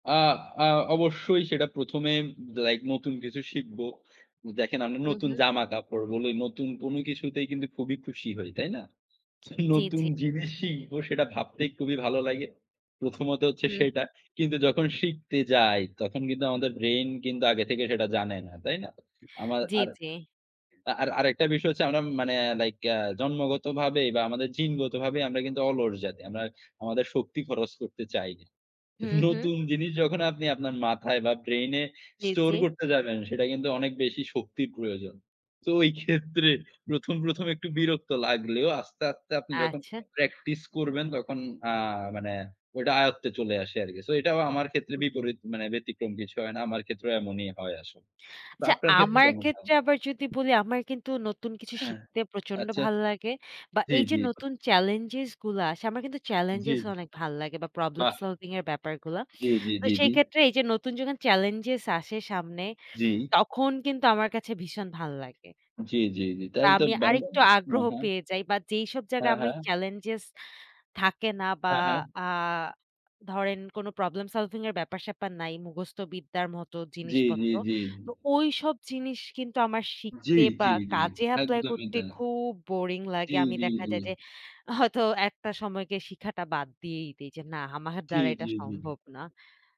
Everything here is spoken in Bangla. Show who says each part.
Speaker 1: আ আ অবশ্যই সেটা ১ম এ লাইক নতুন কিছু শিখব। দেখেন আমি
Speaker 2: হু,
Speaker 1: নতুন
Speaker 2: হু।
Speaker 1: জামা কাপড় বলি নতুন কোনো কিছুতেই কিন্তু খুবই খুশি হই। তাই না?
Speaker 2: জি, জি।
Speaker 1: নতুন জিনিস শিখবো সেটা ভাবতেই খুবই ভালো লাগে। প্রথমত হচ্ছে
Speaker 2: হু, হু।
Speaker 1: সেটা। কিন্তু যখন শিখতে যাই, তখন কিন্তু আমাদের ব্রেইন কিন্তু আগে থেকে সেটা জানে না। তাই না? আমার
Speaker 2: জি,
Speaker 1: আর,
Speaker 2: জি।
Speaker 1: আর আরেকটা বিষয় হচ্ছে আমরা মানে লাইক জন্মগতভাবে বা আমাদের জিনগতভাবেই আমরা কিন্তু অলস জাতি। আমরা আমাদের শক্তি খরচ করতে চাই না।
Speaker 2: হু, হু।
Speaker 1: নতুন জিনিস যখন আপনি আপনার মাথায় বা ব্রেইন এ
Speaker 2: জি,
Speaker 1: স্টোর
Speaker 2: জি।
Speaker 1: করতে যাবেন সেটা কিন্তু অনেক বেশি শক্তির প্রয়োজন। তো ওই ক্ষেত্রে প্রথম, প্রথম একটু বিরক্ত লাগলেও আস্তে, আস্তে আপনি যখন
Speaker 2: আচ্ছা।
Speaker 1: প্র্যাকটিস করবেন তখন আ মানে ওইটা আয়ত্তে চলে আসে আরকি। সো এটাও আমার ক্ষেত্রে
Speaker 2: হুম।
Speaker 1: বিপরীত মানে ব্যতিক্রম কিছু হয় না। আমার ক্ষেত্রেও এমনই হয় আসলে। তো
Speaker 2: আচ্ছা
Speaker 1: আপনার ক্ষেত্রে
Speaker 2: আমার
Speaker 1: কেমন হয়?
Speaker 2: ক্ষেত্রে আবার যদি বলি আমার কিন্তু নতুন কিছু
Speaker 1: হ্যা।
Speaker 2: শিখতে প্রচন্ড
Speaker 1: আচ্ছা।
Speaker 2: ভালো লাগে বা
Speaker 1: জি,
Speaker 2: এইযে
Speaker 1: জি।
Speaker 2: নতুন চেলেঞ্জস গুলা আসে আমার কিন্তু
Speaker 1: জি।
Speaker 2: চেলেঞ্জস অনেক ভাল লাগে বা প্রবলেম
Speaker 1: বাহ!
Speaker 2: সলভিং এর ব্যাপারগুলা।
Speaker 1: জি, জি,
Speaker 2: তো
Speaker 1: জি, জি।
Speaker 2: সেই ক্ষেত্রে এইযে নতুন যখন চেলেঞ্জস আসে সামনে
Speaker 1: জি।
Speaker 2: তখন কিন্তু আমার কাছে ভীষণ ভাল লাগে
Speaker 1: জি, জি, জি।
Speaker 2: বা
Speaker 1: তাহলে তো
Speaker 2: আমি
Speaker 1: দারুন
Speaker 2: আরেকটু
Speaker 1: হ্যা,
Speaker 2: আগ্রহ
Speaker 1: হ্যা।
Speaker 2: পেয়ে যাই বা যেইসব
Speaker 1: হ্যা,
Speaker 2: জায়গায় আমি
Speaker 1: হ্যা।
Speaker 2: চেলেঞ্জস থাকে না বা
Speaker 1: হ্যা, হ্যা।
Speaker 2: আ ধরেন কোনো প্রবলেম সলভিং এর ব্যাপার-স্যাপার নাই। মুখস্থ বিদ্যার মতো
Speaker 1: জি, জি,
Speaker 2: জিনিসপত্র
Speaker 1: জি।
Speaker 2: তো ওইসব জিনিস কিন্তু আমার
Speaker 1: জি,
Speaker 2: শিখতে
Speaker 1: জি,
Speaker 2: বা
Speaker 1: জি,
Speaker 2: কাজে এপ্লাই
Speaker 1: একদমই
Speaker 2: করতে
Speaker 1: তাই।
Speaker 2: খুব বোরিং লাগে।
Speaker 1: জি,
Speaker 2: আমি
Speaker 1: জি,
Speaker 2: দেখা যায়
Speaker 1: জি।
Speaker 2: যে, হয়তো একটা সময় গিয়ে শিখাটা বাদ দিয়েই দেই যে, না আমার
Speaker 1: জি,
Speaker 2: দ্বারা এটা
Speaker 1: জি, জি।
Speaker 2: সম্ভব না।